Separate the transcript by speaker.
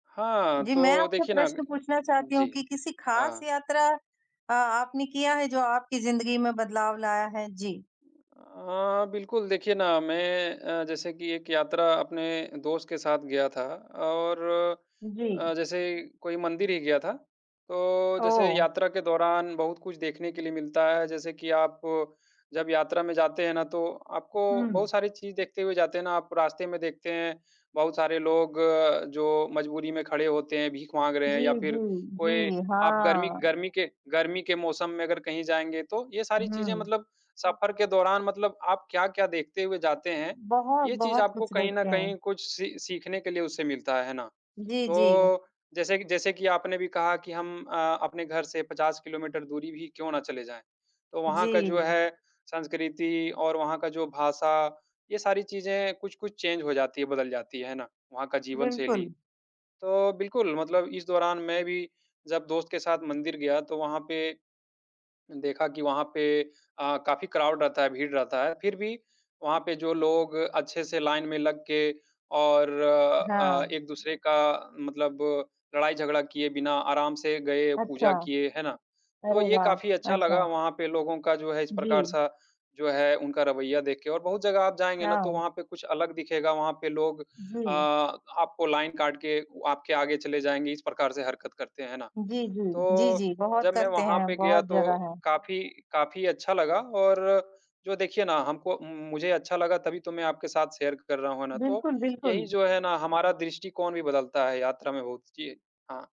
Speaker 1: हाँ,
Speaker 2: जी, मैं
Speaker 1: तो
Speaker 2: आपसे
Speaker 1: देखिए ना
Speaker 2: प्रश्न पूछना चाहती हूँ
Speaker 1: जी।
Speaker 2: कि किसी खास
Speaker 1: हाँ।
Speaker 2: यात्रा अ, आपने किया है, जो आपकी ज़िंदगी में बदलाव लाया है? जी।
Speaker 1: उम, अ, बिल्कुल, देखिए ना, मैं अ, जैसे कि एक यात्रा अपने दोस्त के साथ गया था और
Speaker 2: जी।
Speaker 1: अ, जैसे कोई मंदिर ही गया था। तो जैसे
Speaker 2: ओह!
Speaker 1: यात्रा के दौरान बहुत कुछ देखने के लिए मिलता है। जैसे कि आप जब यात्रा में जाते हैं ना, तो आपको बहुत
Speaker 2: हुँ।
Speaker 1: सारी चीज़ देखते हुए जाते हैं ना। आप रास्ते में देखते हैं, बहुत सारे लोग, जो मजबूरी में खड़े होते हैं, भीख माँग रहे हैं
Speaker 2: जी,
Speaker 1: या
Speaker 2: जी,
Speaker 1: फिर कोई
Speaker 2: जी,
Speaker 1: आप गर्मी
Speaker 2: हाँ।
Speaker 1: गर्मी के गर्मी के मौसम में अगर कहीं जाएँगे, तो ये सारी चीज़ें
Speaker 2: हुँ।
Speaker 1: मतलब सफ़र के दौरान मतलब आप क्या-क्या देखते हुए जाते हैं,
Speaker 2: बहुत,
Speaker 1: ये चीज़
Speaker 2: बहुत
Speaker 1: आपको
Speaker 2: कुछ
Speaker 1: कहीं न
Speaker 2: देखते हैं।
Speaker 1: कहीं कुछ सी सीखने के लिए उससे मिलता है। है ना?
Speaker 2: जी, जी।
Speaker 1: तो जैसे कि जैसे कि आपने भी कहा कि हम अ, अपने घर से 50 किलोमीटर दूरी भी क्यों ना चले जाएँ, तो वहाँ का जो
Speaker 2: जी।
Speaker 1: है, संस्कृति और वहाँ का जो भाषा, ये सारी चीज़ें कुछ-कुछ चेन्ज हो जाती हैं, बदल जाती हैं। है ना? वहाँ का जीवनशैली।
Speaker 2: बिल्कुल।
Speaker 1: तो बिल्कुल, मतलब इस दौरान मैं भी जब दोस्त के साथ मंदिर गया, तो वहाँ पे देखा कि वहाँ पे अ, काफ़ी क्राउड रहता है, भीड़ रहता है। फिर भी वहाँ पे जो लोग अच्छे से लाइन में लग के, और अ,
Speaker 2: हाँ।
Speaker 1: एक-दूसरे का मतलब लड़ाई-झगड़ा किए बिना आराम से गए,
Speaker 2: अच्छा।
Speaker 1: पूजा किए, है ना? तो
Speaker 2: अरे,
Speaker 1: ये
Speaker 2: वाह!
Speaker 1: काफ़ी अच्छा
Speaker 2: अच्छा।
Speaker 1: लगा, वहाँ पे लोगों का, जो है, इस
Speaker 2: जी।
Speaker 1: प्रकार-सा, जो है, उनका रवैया देखके और बहुत जगह आप जाएँगे ना, तो
Speaker 2: हाँ।
Speaker 1: वहाँ पे कुछ अलग दिखेगा। वहाँ पे लोग अ,
Speaker 2: जी।
Speaker 1: आपको लाइन काट के आपके आगे चले जाएँगे। इस प्रकार से हरकत करते हैं ना?
Speaker 2: जी, जी। जी,
Speaker 1: तो
Speaker 2: जी। बहुत
Speaker 1: जब मैं
Speaker 2: करते
Speaker 1: वहाँ
Speaker 2: हैं,
Speaker 1: पे गया,
Speaker 2: बहुत
Speaker 1: तो
Speaker 2: जगह हैं।
Speaker 1: काफ़ी काफ़ी अच्छा लगा और जो देखिए ना, हमको मु मुझे अच्छा लगा, तभी तो मैं आपके साथ शेयर कर रहा हूँ, है ना? तो
Speaker 2: बिल्कुल,
Speaker 1: यही,
Speaker 2: बिल्कुल।
Speaker 1: जो है ना, हमारा दृष्टिकोण भी बदलता है यात्रा में बहुत। जी। हाँ।